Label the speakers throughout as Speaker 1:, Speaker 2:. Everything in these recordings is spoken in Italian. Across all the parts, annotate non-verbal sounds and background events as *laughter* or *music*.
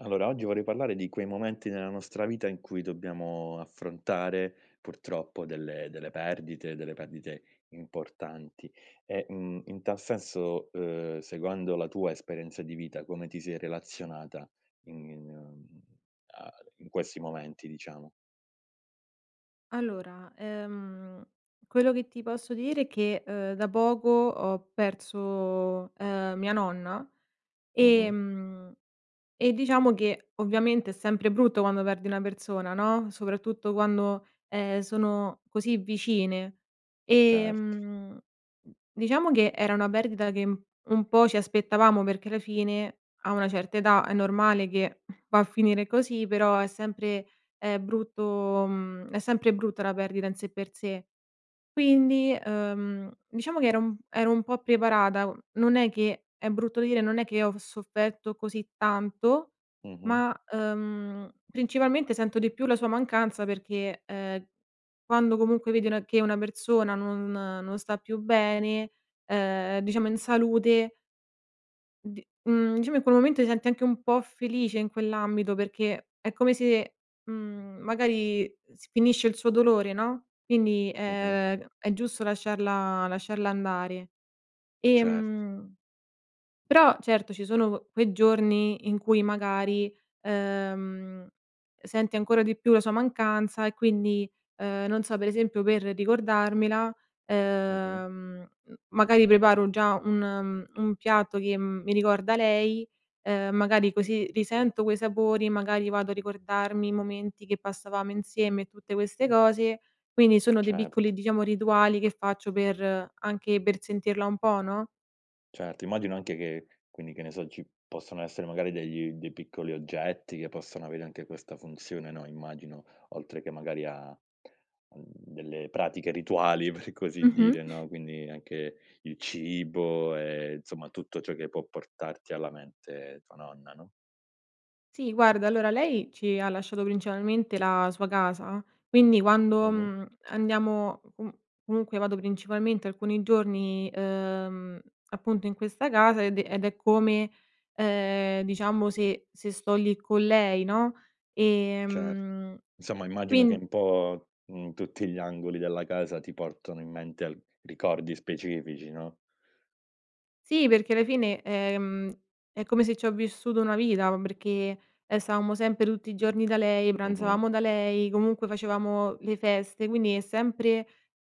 Speaker 1: Allora, oggi vorrei parlare di quei momenti nella nostra vita in cui dobbiamo affrontare, purtroppo, delle delle perdite, delle perdite importanti, e, mhmm, in tal senso, uhm, seguendo la tua esperienza di vita come ti sei relazionata ign in mhmm, a in questi momenti, diciamo?
Speaker 2: Allora, ehm, quello che ti posso dire che, uhm, da poco ho perso, uhm, mia nonna,
Speaker 1: Mh-mh.
Speaker 2: ehm, e diciamo, che ovviamente è sempre brutto quando perdi una persona, no, soprattutto quando, ehm, sono così vicine.
Speaker 1: Certo.
Speaker 2: Ehm, diciamo, che era una perdita che, mhmm, un po' ci aspettavamo, perché la fine, a una certa età è normale che va a finire così, però, è sempre, uhm, brutto mhmm, è sempre brutta la perdita in sé per sé. Quindi, uhm, diciamo, che ero un ero un po' preparata, mhmm, non è che è brutto dire, non è che ho v sofferto così tanto,
Speaker 1: Mh-mh.
Speaker 2: ma, uhm, principalmente sento di più la sua mancanza perché, uhm, quando comunque vedi una che una persona non non sta più bene, uhm, diciamo, in salute di mhmm, diciamo, in quel momento ti senti anche un po' felice, in quell'ambito, perché è come se, mhmm, magari, s finisce il suo dolore, no, quindi,
Speaker 1: Mh-mh.
Speaker 2: è è giusto lasciarla lasciarla andare.
Speaker 1: Cert
Speaker 2: Ehm, però, certo, ci sono q quei giorni in cui, magari, uhm, senti ancora di più la sua mancanza, e quindi, uhm, non so, per esempio, per ricordarmela,
Speaker 1: Mh-mh.
Speaker 2: uhm, magari, preparo già un un piatto che, mhmm, mi ricorda lei, uhm, magari così risento quei sapori, magari, vado a ricordarmi i momenti che passavamo insieme, e tutte queste cose. Quindi, sono dei piccoli,
Speaker 1: Certo.
Speaker 2: diciamo, rituali che faccio per anche per sentirla un po', no?
Speaker 1: Certo, immagino anche che quindi, che ne so, ci possono essere magari, degli dei piccoli oggetti che possono avere anche questa funzione, no, immagino oltre che, magari a, mhmm, delle pratiche rituali, per così
Speaker 2: Mh-mh.
Speaker 1: dire, no, quindi, anche il cibo e insomma, tutto ciò che può portarti alla mente tua nonna, no?
Speaker 2: Sì guarda, allora lei, ci ha lasciato principalmente la sua casa. Quindi, quando,
Speaker 1: Mh-mh.
Speaker 2: mhmm, andiamo, comu comunque vado principalmente alcuni giorni, uhm, appunto, in questa casa, ed è ed è come, ehm, diciamo se se sto lì con lei, no,
Speaker 1: Cer
Speaker 2: ehm,
Speaker 1: insomma, immagino che
Speaker 2: quin
Speaker 1: un po', mhmm, tutti gli angoli della casa ti portano in mente al ricordi specifici, no?
Speaker 2: Sì, perché alla fine, ehm, è come se c'ho vissuto una vita, ma perché, ehm, stavamo sempre tutti i giorni da lei,
Speaker 1: Mh-mh.
Speaker 2: pranzavamo da lei, comunque facevamo le feste. Quindi, è sempre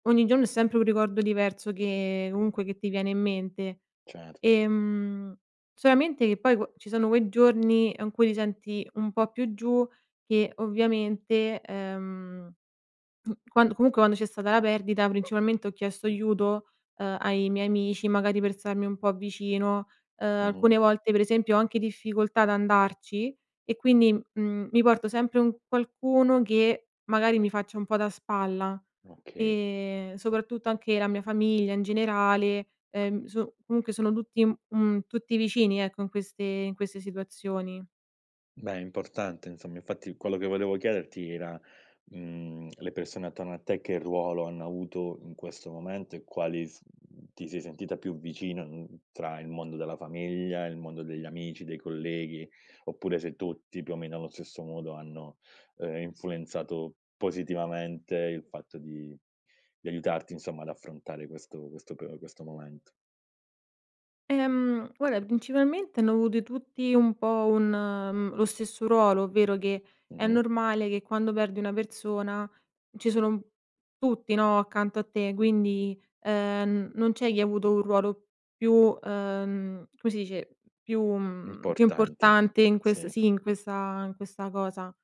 Speaker 2: ogni giorno è sempre un ricordo diverso che comunque, che ti viene in mente.
Speaker 1: Certo.
Speaker 2: Ehm, solamente che poi qua ci sono quei giorni, in cui ti senti un po' più giù, che ovviamente, ehm, mhmm, quand comunque quando c'è stata la perdita, principalmente ho chiesto aiuto, uhm, ai miei amici, magari per starmi un po' vicino. Uhm,
Speaker 1: Mh-mh.
Speaker 2: alcune volte per esempio ho anche difficoltà ad andarci e quindi, mhmm, mi porto sempre un qualcuno che magari, mi faccia un po' da spalla.
Speaker 1: Okay.
Speaker 2: Ehm, soprattutto anche la mia famiglia in generale, ehm, so comunque sono tutti, un mhmm, tutti vicini, ecco, in queste in queste situazioni.
Speaker 1: Beh, è importante insomma. Infatti quello che volevo chiederti era, mhmm, le persone attorno a te che ruolo hanno avuto in questo momento, e quali s mhmm, ti sei sentita più vicino, mhmm, tra il mondo della famiglia, il mondo degli amici, dei colleghi, oppure se tutti più o meno allo stesso modo hanno, ehm, influenzato positivamente il fatto di di aiutarti, insomma, ad affrontare questo questo pe o questo momento?
Speaker 2: Ehm, guarda, principalmente hanno avute tutti un po' un mhmm, lo stesso ruolo. Ovvero che, è
Speaker 1: Mh-mh.
Speaker 2: normale che quando perdi una persona ci sono un tutti, no, accanto a te. Quindi, ehm, non c'è chi avuto un ruolo più uhm, come si dice, più mhmm, più
Speaker 1: Importanti,
Speaker 2: importante in ques
Speaker 1: sì.
Speaker 2: sì, in questa in questa cosa.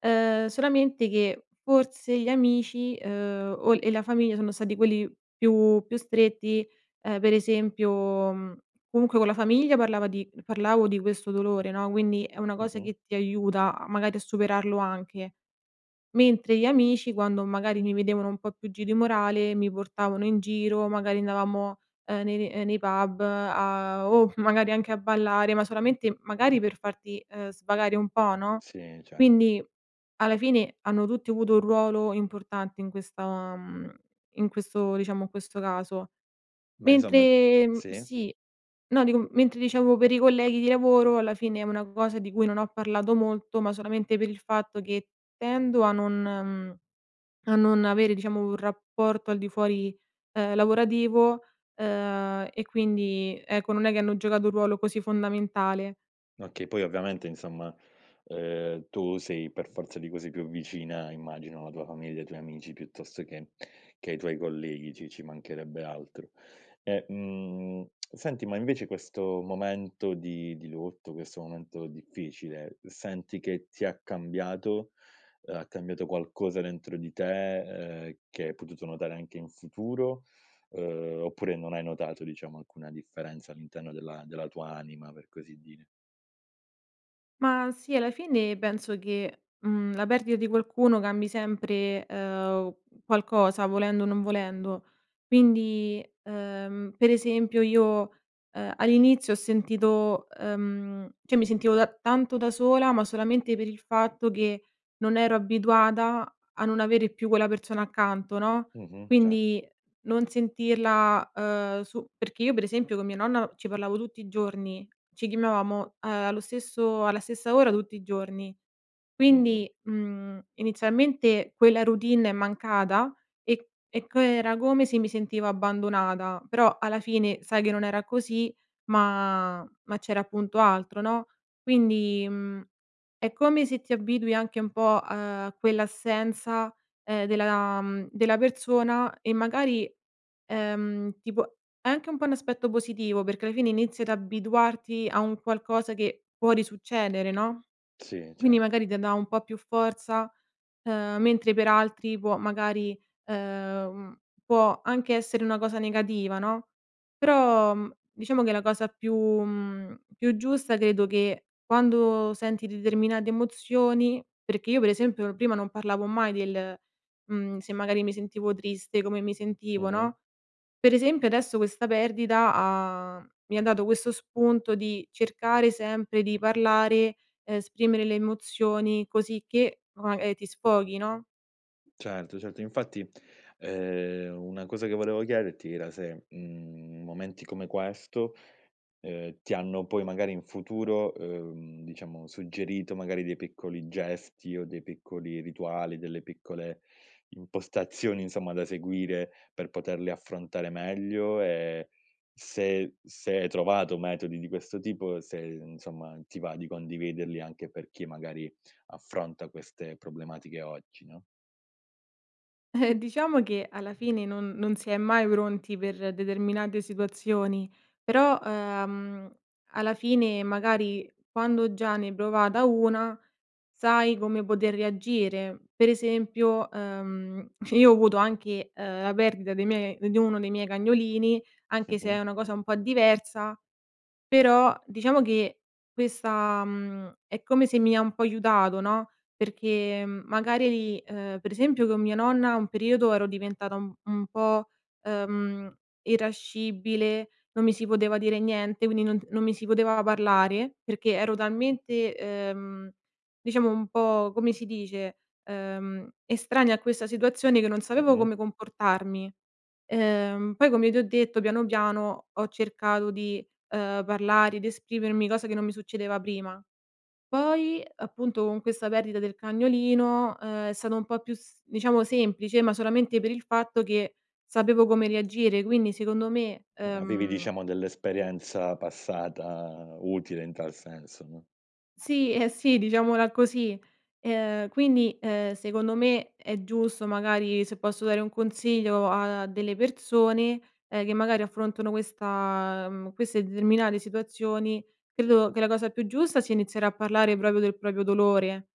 Speaker 2: Uhm, solamente che, f forse gli amici, uhm, o e la famiglia, sono stati quelli più più stretti. Ehm, per esempio, mhmm, comunque con la famiglia parlava di parlavo di questo dolore, no, quindi, è una cosa
Speaker 1: Mh-mh.
Speaker 2: che ti aiuta a magari, a superarlo anche. Mentre gli amici, quando magari mi vedevano un po' più giù di morale, mi portavano in giro. Magari andavamo, uhm, nei ne ehm, nei pub a o magari, anche a ballare. Ma solamente, magari per farti, uhm, svagare un po', no,
Speaker 1: Sì, cert
Speaker 2: quindi, alla fine, hanno tutti avuto un ruolo importante in questa mhmm, in questo diciamo, in questo caso.
Speaker 1: Beh, insomma
Speaker 2: Mentre, mhmm
Speaker 1: sì.
Speaker 2: sì. No, dico, m mentre diciamo per i colleghi di lavoro, alla fine è una cosa di cui non ho parlato molto, ma solamente per il fatto che tendo a non mhmm, a non avere, diciamo, un rapporto al di fuori, uhm, lavorativo. Uhm, e quindi ecco, non è che hanno giocato un ruolo così fondamentale.
Speaker 1: Okay. Poi ovviamente insomma, uhm, tu sei per forza di cose, più vicina, immagino, alla tua famiglia, ai tuoi amici piuttosto che che ai tuoi colleghi, ci ci mancherebbe altro. E, mhmm, *tsk* senti, ma invece questo momento di di lutto, questo momento difficile, senti che ti ha cambiato, uhm, ha cambiato qualcosa dentro di te, uhm, che hai potuto notare anche in futuro? Uhm, oppure non hai notato, diciamo, alcuna differenza all'interno della della tua anima, per così dire.
Speaker 2: Ma sì, alla fine penso che, mhmm, la perdita di qualcuno cambi sempre, uhm, qualcosa, volendo o non volendo. Quindi, uhm, per esempio io, uhm, all'inizio ho sentito uhm, cioè mi sentivo da tanto da sola, ma solamente per il fatto che non ero abituata a non avere più quella persona accanto, no,
Speaker 1: Mh-mh. Cert
Speaker 2: Quindi non sentirla, uhm su perché io per esempio, con mia nonna ci parlavo tutti i giorni. Ci chiamavamo, uhm, allo stesso alla stessa ora, tutti i giorni.
Speaker 1: Mh-mh.
Speaker 2: Quindi, mhmm, inizialmente quella routine è mancata e e c era come se mi sentivo abbandonata. Però, alla fine sai che, non era così, ma ma c'era appunto altro, no, quindi, mhmm, è come se ti abitui anche un po', uhm, a quell'assenza, ehm, della della persona, e magari, ehm, tipo, è anche un po' un aspetto positivo. Perché alla fine inizi ad abituarti a un qualcosa che può risuccedere, no,
Speaker 1: Sì,
Speaker 2: quindi,
Speaker 1: cer
Speaker 2: magari te dà un po' più forza. Uhm, mentre per altri può magari, uhm, può anche essere una cosa negativa, no, però, mhmm, diciamo che, la cosa più mhmm, più giusta, credo che quando senti determinate emozioni perché io per esempio, prima non parlavo mai del mhmm, se magari, mi sentivo triste come mi sentivo,
Speaker 1: Mh-mh.
Speaker 2: no, per esempio, adesso questa perdita ha mi ha dato questo spunto di cercare sempre di parlare, esprimere le emozioni cosicché o magari ti sfoghi, no?
Speaker 1: Certo, certo. Infatti, ehm, una cosa che volevo chiederti era se, mhmm, momenti come questo, ehm, ti hanno poi, magari in futuro, uhm, diciamo suggerito magari dei piccoli gesti o dei piccoli rituali, delle piccole impostazioni insomma, da seguire, per poterle affrontare meglio? E se se hai trovato metodi di questo tipo, se insomma, ti va di condividerli, anche per chi magari, affronta queste problematiche oggi, no?
Speaker 2: Eh diciamo che alla fine non non si è mai pronti per determinate situazioni però, ehm, alla fine magari, quando già ne hai provata una, sai come poter reagire. Per esempio, ehm, *giggles* io ho avuto anche, ehm, la perdita dei miei di uno dei miei cagnolini, anche se
Speaker 1: Mh-mh.
Speaker 2: è una cosa un po' diversa, però diciamo che questa, mhmm, è come se mi ha un po' aiutato, no. Perché magari di ehm, per esempio con mia nonna un periodo ero diventata un un po', ehm, irascibile, non mi si poteva dire niente, quindi non non mi si poteva parlare perché ero talmente, ehm, diciamo un po' come si dice, ehm, estranea a questa situazione che non sapevo
Speaker 1: Mh-mh.
Speaker 2: come comportarmi. Ehm, poi come ti ho detto piano, piano ho cercato di, ehm, parlare ed esprimermi, cosa che non mi succedeva prima. Poi appunto, con questa perdita del cagnolino, ehm, è stato un po' più diciamo semplice ma solamente per il fatto che sapevo come reagire. Quindi secondo me,
Speaker 1: Avevi
Speaker 2: ehm
Speaker 1: diciamo dell'esperienza passata utile in tal senso, no?
Speaker 2: Sì, eh sì, diciamola così. Ehm, quindi, ehm, secondo me è giusto, magari se posso dare un consiglio a delle persone, ehm, che magari affrontano questa mhmm, queste determinate situazioni, credo che la cosa più giusta sia iniziare a parlare proprio del proprio dolore.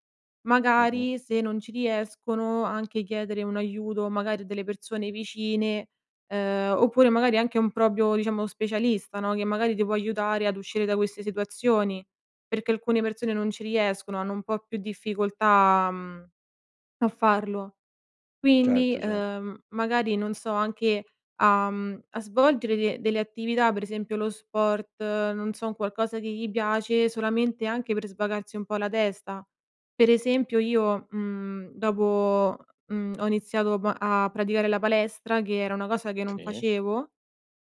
Speaker 1: Mh-mh.
Speaker 2: Magari se non ci riescono anche chiedere un aiuto, magari a delle persone vicine, ehm, oppure magari anche un proprio, diciamo specialista, no, che magari ti può aiutare ad uscire da queste situazioni. Perché alcune persone non ci riescono, hanno un po' più difficoltà, mhmm, a farlo. Quindi,
Speaker 1: Certo, certo.
Speaker 2: ehm, magari non so, anche a, mhmm, a svolgere de delle attività, per esempio lo sport, non so, un qualcosa che gli piace solamente anche per svagarsi un po' la testa. Per esempio io, mhmm, dopo, mhmm, ho iniziato m a praticare la palestra che era una cosa che non
Speaker 1: Sì.
Speaker 2: facevo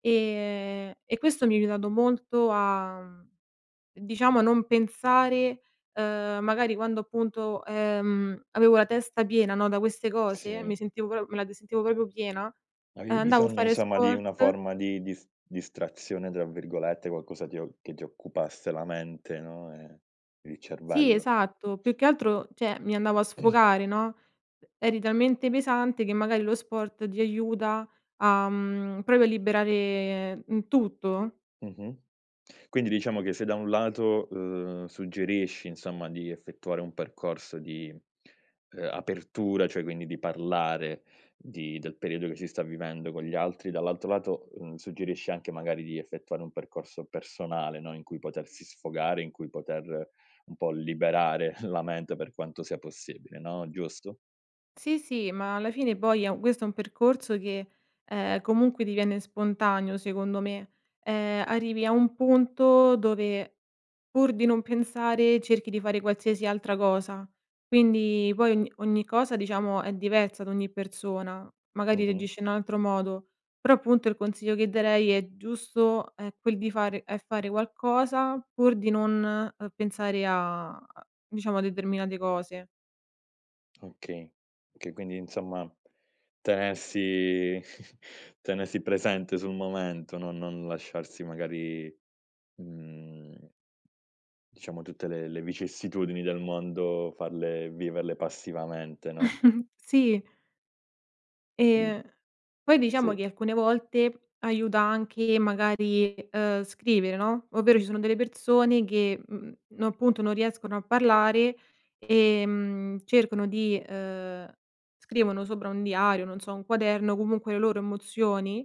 Speaker 2: e e questo mi ha aiutato molto a, mhmm, diciamo non pensare, ehm, magari quando appunto, ehm, avevo la testa piena, no, da queste cose,
Speaker 1: Sì.
Speaker 2: mi sentivo pro me la d sentivo proprio piena,
Speaker 1: Avevi
Speaker 2: andavo a
Speaker 1: bisogno,
Speaker 2: fare
Speaker 1: insomma, di una
Speaker 2: sport
Speaker 1: forma di dis "distrazione", tra virgolette, qualcosa ti o che ti occupasse la mente, no, e il
Speaker 2: Sì
Speaker 1: cervello.
Speaker 2: esatto, più che altro, cioè mi andavo a
Speaker 1: *clears throat*
Speaker 2: sfogare, no. Eri talmente pesante che magari lo sport ti aiuta a, mhmm, proprio a liberare in tutto.
Speaker 1: Mh-mh. Quindi, diciamo che se da un lato, uhm, suggerisci insomma di effettuare un percorso di, ehm, apertura, cioè quindi di parlare di del periodo che si sta vivendo con gli altri, dall'altro lato, mhmm, suggerisci anche magari di effettuare un percorso personale, no. In cui potersi sfogare, in cui poter un po' liberare *chuckles* la mente per quanto sia possibile, no. Giusto?
Speaker 2: Sì, sì, ma alla fine poi è u questo è un percorso che, ehm, comunque diviene spontaneo secondo me. Ehm, arrivi a un punto dove, pur di non pensare, cerchi di fare qualsiasi altra cosa. Quindi poi ogn ogni cosa diciamo è diversa da ogni persona, magari
Speaker 1: Mh-mh.
Speaker 2: reagisce in altro modo, però appunto il consiglio che darei è giusto è quel di fare è fare qualcosa pur di non, uhm, pensare a diciamo a determinate cose.
Speaker 1: Okay, okay quindi, insomma tenersi *chuckles* tenersi presente sul momento. No non lasciarsi magari, mhmm, diciamo tutte le le vicissitudini del mondo, farle viverle passivamente, no?
Speaker 2: *chuckles* Sì. Ehm,
Speaker 1: *unintelligible*
Speaker 2: poi diciamo
Speaker 1: Sì.
Speaker 2: che, alcune volte, aiuta anche magari, uhm, scrivere no, ovvero ci sono delle persone che, mhmm, no appunto non riescono a parlare ehm, cercano di, uhm scrivono sopra un diario, non so, un quaderno, comunque le loro emozioni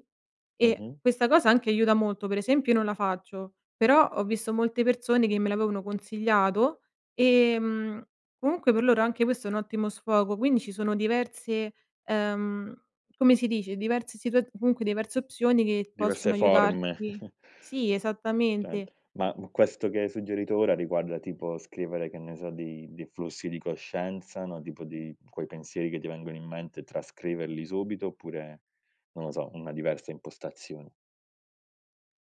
Speaker 2: e
Speaker 1: Mh-mh.
Speaker 2: questa cosa anche aiuta molto, per esempio io non la faccio, però ho visto molte persone che me l'avevano consigliato e, mhmm, comunque per loro anche questo è un ottimo sfogo, quindi ci sono diverse uhm, come si dice, diverse situaz comunque diverse opzioni che
Speaker 1: Diverse
Speaker 2: possono
Speaker 1: forme.
Speaker 2: aiutarti
Speaker 1: *chuckles*
Speaker 2: Sì, esattamente.
Speaker 1: *unintelligible* Ma, mhmm, questo che hai suggerito ora riguarda tipo scrivere, che ne so, dei dei flussi di coscienza, no, tipo dei quei pensieri che ti vengono in mente, trascriverli subito, oppure, non lo so, una diversa impostazione.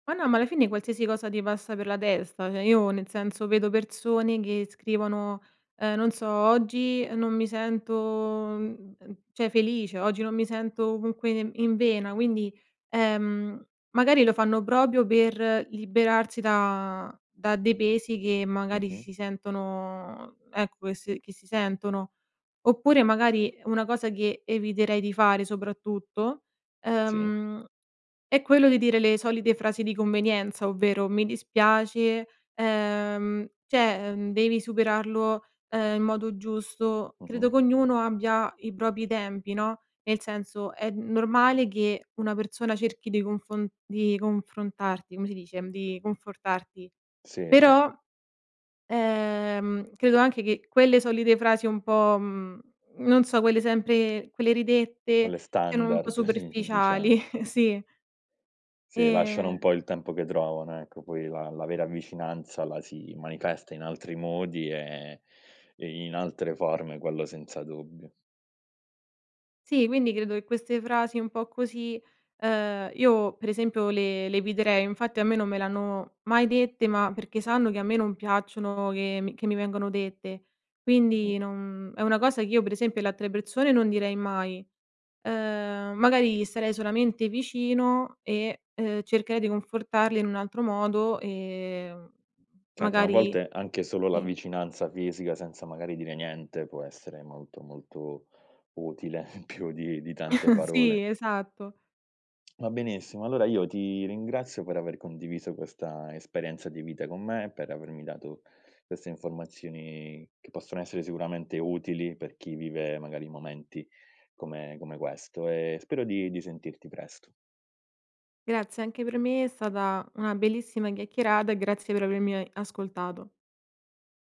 Speaker 2: Ma no, ma alla fine qualsiasi cosa ti passa per la testa. Cioè, io, nel senso, vedo persone che scrivono, uhm, non so: "Oggi non mi sento, mhmm, uhm, cioè, felice, oggi non mi sento comunque ne in vena." Quindi, ehm, magari lo fanno proprio per liberarsi da da dei pesi che magari
Speaker 1: Mh-mh.
Speaker 2: si sentono ecco, che s che si sentono. Oppure magari, una cosa che eviterei di fare, soprattutto,
Speaker 1: Sì.
Speaker 2: uhm, è quello di dire le solite frasi di convenienza, ovvero: "Mi dispiace." Ehm, cioè, uhm, "Devi superarlo, uhm, in modo giusto." Credo
Speaker 1: Mh-mh.
Speaker 2: che ognuno abbia i propri tempi, no, nel senso, è normale che una persona cerchi de confon di confrontarti come si dice, di confortarti.
Speaker 1: Sì, cer
Speaker 2: Però, ehm, credo anche che quelle solite frasi un po' mhmm, non so, quelle sempre quelle ridette,
Speaker 1: Quelle
Speaker 2: siano un po'
Speaker 1: standard *chuckles*
Speaker 2: superficiali
Speaker 1: diciamo.
Speaker 2: Sì.
Speaker 1: Sì, lasciano un
Speaker 2: E
Speaker 1: po' il tempo che trovano, ecco, poi la la vera vicinanza la si manifesta in altri modi e e in altre forme, quello senza dubbio.
Speaker 2: Sì, quindi credo che queste frasi un po' così, uhm, io, per esempio, le le eviterei. Infatti a me non me le hanno mai dette, ma perché sanno che a me non piacciono che mi che mi vengono dette.
Speaker 1: Mh-mh.
Speaker 2: Quindi non è una cosa che io, per esempio, le altre persone non direi mai, uhm, magari gli starei solamente vicino e, uhm, cercherei di confortarle in un altro modo, ehm,
Speaker 1: Certo, ma a
Speaker 2: magari
Speaker 1: volte anche solo la
Speaker 2: Sì.
Speaker 1: vicinanza fisica, senza magari dire niente, può essere molto, molto utile più di di tante
Speaker 2: *chuckles*
Speaker 1: parole.
Speaker 2: Sì, esatto.
Speaker 1: *clicks tongue* Va benissimo, allora io ti ringrazio per aver condiviso questa esperienza di vita con me, per avermi dato queste informazioni che possono essere sicuramente utili per chi vive, magari, momenti come come questo, e spero di di sentirti presto.
Speaker 2: Grazie, anche per me è stata una bellissima chiacchierata, e grazie per avermi e ascoltato.